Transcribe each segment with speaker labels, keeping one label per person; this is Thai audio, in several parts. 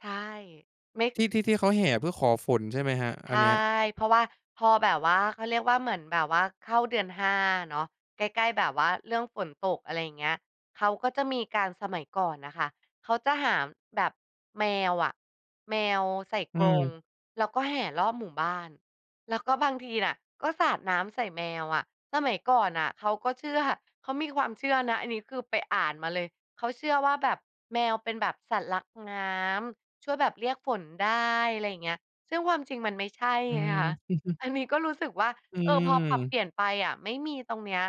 Speaker 1: ใช่ ไม่
Speaker 2: ที่ ที่ ที่เขาแห่เพื่อขอฝนใช่ไหมครับ
Speaker 1: ใ
Speaker 2: อ
Speaker 1: ช
Speaker 2: ั
Speaker 1: ่
Speaker 2: นเนี้ย?
Speaker 1: เพราะว่า พอแบบว่า เขาเรียกว่า เหมือนแบบว่า เข้าเดือน 5 เนาะ ใกล้ ๆ แบบว่าเรื่องฝนตก อะไรเงี้ย เขาก็จะมีการ สมัยก่อนน่ะค่ะเขาจะหาแบบแมวอะ แมวใส่
Speaker 2: อื
Speaker 1: กรง
Speaker 2: ม
Speaker 1: แล้วก็แห่รอบหมู่บ้าน แล้วก็บางทีอะก็สาดน้ำใส่แมวอะ สมัยก่อนน่ะเขาก็เชื่อ เขามีความเชื่อนะ อันนี้คือไปอ่านมาเลย เขาเชื่อว่า แบบแมวเป็นแบบสัตว์รักน้ำ ช่วยแบบเรียกฝนได้ ไรอย่างเงี้ย ซึ่งความจริงมันไม่ใช่
Speaker 2: อื
Speaker 1: ไงคะ
Speaker 2: ม
Speaker 1: อันนี้ก็รู้สึกว่า
Speaker 2: อื
Speaker 1: เออ พอปรับเป
Speaker 2: ม
Speaker 1: ลี่ยนไปอะไม่มีตรงเนี้ย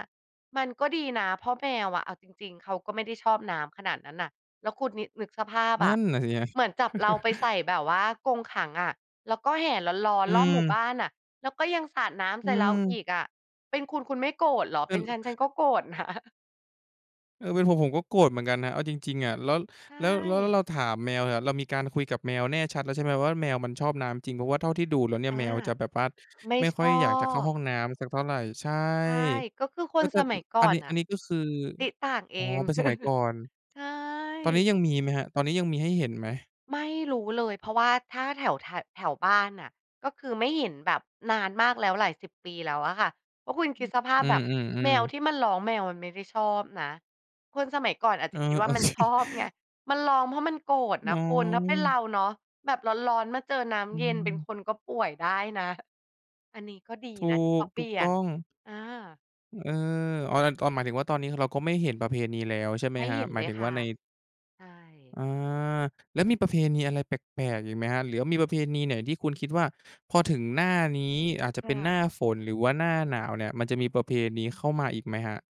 Speaker 1: มันก็ดีนะ เพราะแมวอะ เอาจริง ๆ เขาก็ไม่ได้ชอบน้ำขนาดนั้นน่ะ แล้วคุณนิ นึกสภาพ
Speaker 2: นั
Speaker 1: อ
Speaker 2: ่
Speaker 1: ะ
Speaker 2: นน่ะสิครับ
Speaker 1: เหมือนจับเราไปใส่แบบว่ากรงขังอะ แล้วก็แห่ร้อน
Speaker 2: อื
Speaker 1: ๆ รอบหมู่บ
Speaker 2: ม
Speaker 1: ้านน่ะ แล้วก็ยังสาดน้
Speaker 2: อ
Speaker 1: ำ
Speaker 2: ื
Speaker 1: ใส่เราอ
Speaker 2: ม
Speaker 1: ีกอะ เป็นคุณคุณไม่โกรธเหรอ
Speaker 2: เป
Speaker 1: เ
Speaker 2: ็
Speaker 1: ป็
Speaker 2: น
Speaker 1: นฉันฉันก็โกรธ นะ
Speaker 2: เออ เป็นผมผมก็โกรธเหมือนกันนะ เอาจริง ๆ อะ แล้ว
Speaker 1: ใช
Speaker 2: แล้ว แล้วเรา
Speaker 1: ่
Speaker 2: ถามแมวอะ เรามีการคุยกับแมวแน่ชัดแล้วใช่ไหมว่า แมวมันชอบน้ำจริง เพราะว่าเท่าที่ดูแล้วเนี่ย
Speaker 1: อา
Speaker 2: แมวจะแบบว่า
Speaker 1: ไม่
Speaker 2: ไม่
Speaker 1: ช
Speaker 2: ค่อย
Speaker 1: อ
Speaker 2: อยากจะเข้าห
Speaker 1: บ
Speaker 2: ้องน้ำสักเท่าไร ใช่
Speaker 1: ใช่ ก็คือค
Speaker 2: แล้
Speaker 1: น
Speaker 2: วก็
Speaker 1: สม
Speaker 2: อ
Speaker 1: ัยก่
Speaker 2: อ
Speaker 1: อ
Speaker 2: ันน
Speaker 1: น
Speaker 2: ี้
Speaker 1: น
Speaker 2: อ
Speaker 1: ่
Speaker 2: ั
Speaker 1: ะ
Speaker 2: นนี้ก็คือ
Speaker 1: ติ๊งต่างเอ
Speaker 2: อ๋อ
Speaker 1: ง
Speaker 2: เป็นสมัยก่อน
Speaker 1: ใช่
Speaker 2: ตอนนี้ยังมีไหมครับ ตอนนี้ยังมีให้เห็นไหม?
Speaker 1: ไม่รู้เลย เพราะว่าถ้าแถว ถ แถวบ้านน่ะก็คือไม่เห็นแบบนานมากแล้ว หลาย 10 ปีแล้วอะค่ะ ก็คุณคิดสภาพ
Speaker 2: อื
Speaker 1: แบบแม
Speaker 2: อ
Speaker 1: ว
Speaker 2: ๆ ๆ
Speaker 1: ที่มันร้อง แมวมันไม่ได้ชอบนะ คนสมัยก่อนอาจ
Speaker 2: เอ
Speaker 1: จะ
Speaker 2: อ
Speaker 1: คิดว่
Speaker 2: โ
Speaker 1: า
Speaker 2: อ
Speaker 1: มัน
Speaker 2: เค
Speaker 1: ชอบไง มันร้องเพราะมันโกรธน
Speaker 2: อ๋
Speaker 1: ะ
Speaker 2: อ
Speaker 1: คุณ ถ้าเป็นเราเนาะ แบบร้อน ๆ มาเจอน้
Speaker 2: อื
Speaker 1: ำเย็น เป็น
Speaker 2: ม
Speaker 1: คนก็ป่วยได้นะ ห อันนี้ก็ดี
Speaker 2: ถู
Speaker 1: นะที่เข
Speaker 2: ก
Speaker 1: าเป
Speaker 2: ถู
Speaker 1: ลี
Speaker 2: ก
Speaker 1: ่ย
Speaker 2: ต้
Speaker 1: น
Speaker 2: อง
Speaker 1: อา
Speaker 2: เออ อ๋อ แต่ตอน หมายถึงว่าตอนนี้คือเราก็ไม่เห็นประเพณีแล้ว ใช่ไหม
Speaker 1: ไม่
Speaker 2: ครั
Speaker 1: เห
Speaker 2: บ?
Speaker 1: ็น
Speaker 2: หม
Speaker 1: เ
Speaker 2: า
Speaker 1: ล
Speaker 2: ยถ
Speaker 1: ย
Speaker 2: ึง
Speaker 1: ค
Speaker 2: ว่
Speaker 1: ่
Speaker 2: า
Speaker 1: ะ
Speaker 2: ใน
Speaker 1: ใช่
Speaker 2: อา แล้วมีประเพณีอะไรแปลก ๆ อีกไหมครับ? หรือมีประเพณีไหนที่คุณคิดว่า พอถึงหน้านี้ อาจจะ
Speaker 1: ค
Speaker 2: เป
Speaker 1: ่
Speaker 2: ็น
Speaker 1: ะ
Speaker 2: หน้าฝน หรือว่าหน้าหนาวเนี่ย มันจะมีประเพณีเข้ามาอีกไหมครับ?